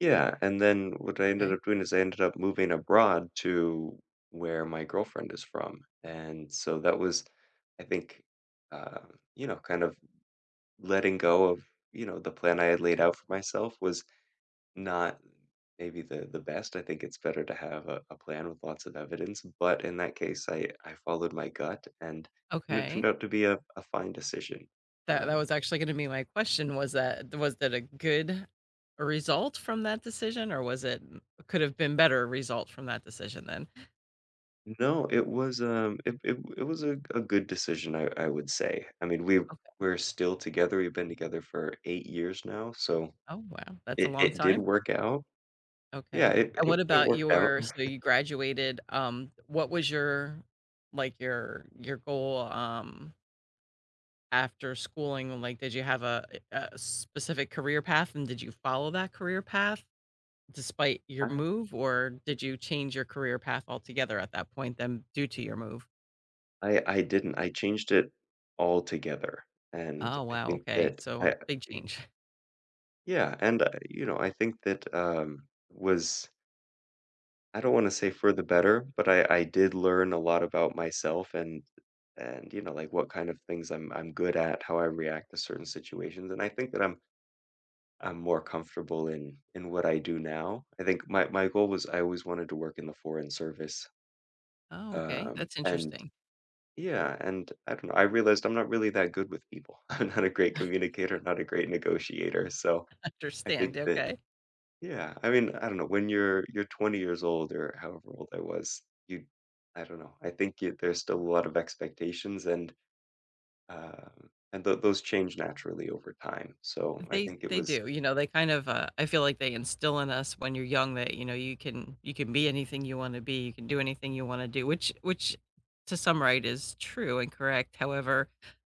Yeah, and then what I ended Okay. up doing is I ended up moving abroad to where my girlfriend is from, and so that was, I think, uh, you know, kind of, letting go of, you know, the plan I had laid out for myself was not maybe the the best. I think it's better to have a a plan with lots of evidence, but in that case, I I followed my gut and and it turned Okay. out to be a a fine decision, That that um was actually gonna be my question. Was that was that a good result from that decision or was it could have been better result from that decision then? No, it was, um, it it, it was a a good decision, I I would say. I mean, we Okay. we're still together, we've been together for 8 years now, so, Oh, wow, that's a it long it did time. work out. Yeah, Okay, it and what it it about worked out. your so you graduated, um, what was your, like, your your goal, um after schooling, um, like, did you have a eh a specific career path, and did you follow that career path despite your I move, or did you change your career path altogether at that point then due to your move? I I didn't, I changed it altogether and Oh, I wow, think okay, that so a I big [unintelligible] change. Yeah, and a you know, I think, um, was I don't want to say for the better, but I I did learn a lot about myself and and, you know, like, what kinda things I'm I'm good at, how I react to certain situations, and I think that I'm I'm more comfortable in in what I do now. I think my my goal was I always wanted to work in the foreign service. Oh, okay, Um, that's and interesting. yeah, and I don't know, I realized I'm not really that good with people. I'm not a great communicator, I'm not a great negotiator, so I think Understand, that okay. yeah, I mean, I don't know, when you're you're 20 years old or however old I was, you I don't know, I think there's still a lot of expectations and um, and those those change naturally over time, so I They think it they was do, you know, they kind of, uh I feel, like, they instill in us when you're young that, you know, you can you can be anything you wanna be, you can do anything you wanna do, which which to some right is true and correct, however,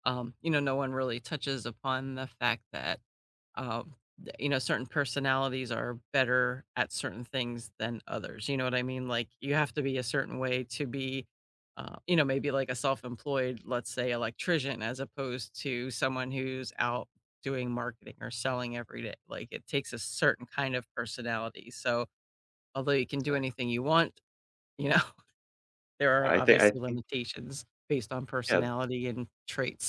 um, you know, no one really touches upon the fact that, um, that, you know, certain personalities are better at certain things than others, you know what I mean? Like, you have to be a certain way to be, uh, you know, maybe, like, a self-employed, let's say, electrician as opposed to someone who's out doing marketing or selling every day. Like, it takes a certain kind of personality, so, although you can do Exactly. anything you want, you know, there are I thi I obviously think limitations based on Yeah. personality and traits.